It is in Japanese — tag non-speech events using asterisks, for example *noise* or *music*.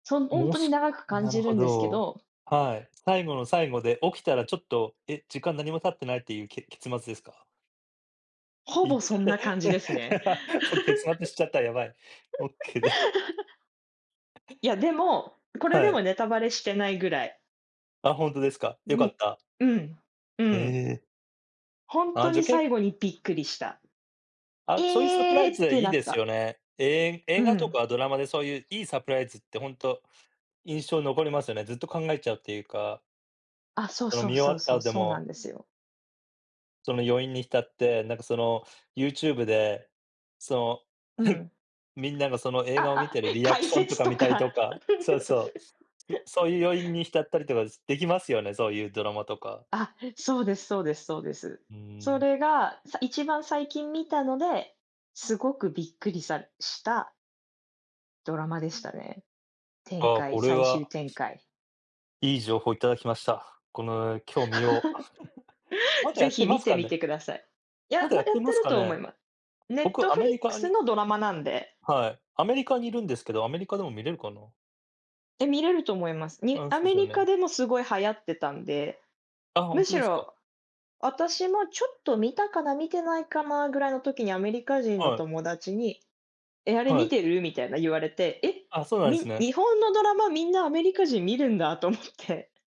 そ、ほんもうとにす長く感なるじるほんですけど。ど。はい。最後の最後で起きたらちょっと、え、時間何も経ってないっていうけ結末ですか？ほいぼ、そんな感じですね。*chuckles* そう、結末知ちゃった、やばい。オッケーで。*chuckles* いや、でも、これはでもい。ネタバレしてないぐらい。あ、ほんとですか、良んかっね。た。うん。うえん。え。ほんあとあ、じにゃけ最後にびっくりした。あ、そういうサプえラえイズっはていいなっですた。よね。ええ、う映画とん。かドラマでそういういいサプライズってほんと、印象残りますよね。ずっと考えちゃうっていうか。あ、そうそのそう見終わそうったそう、後でそうなも。んですよ。その余韻に浸って、なんか、その、YouTube で、その、うはい、ん。みんながその映画を見あ、てあ、るリアク解ションと説かと見たりか。とかそうそ *giggles* う、ん、そういう余韻に浸ったりとかできますよね、そういうドラマとか。あ、へ、そうです、そうです、そうです。うーそん。れが、さ一番最近見たので、すごくびっくりさしたドラマでしたね。展ああ、開、これ最は。終展開。いい情報いただきました。この、今日見よう。*chuckles* ま *chuckles* だや是っ非てま見すてかみね？て下さい。いまや、だやまっだやてってまするかと思ね？いま僕、アメリカ Netflix にのドラマなんで。はい。アメリカにいるんですけど、アメリカでも見れるかな？え、見れると思います。にああ、アそうメすよリカね。でもすごい流行ってたんで。ああ、ほんむとしですか？ろ、私もちょっと見たかな見てないかなぐらいの時にアメリカ人のはい。友達に、え、あれは見い。てる、みたいな言われて、え、あ、そうなんすみね。日本のドラマみんなアメリカ人見るんだと思って。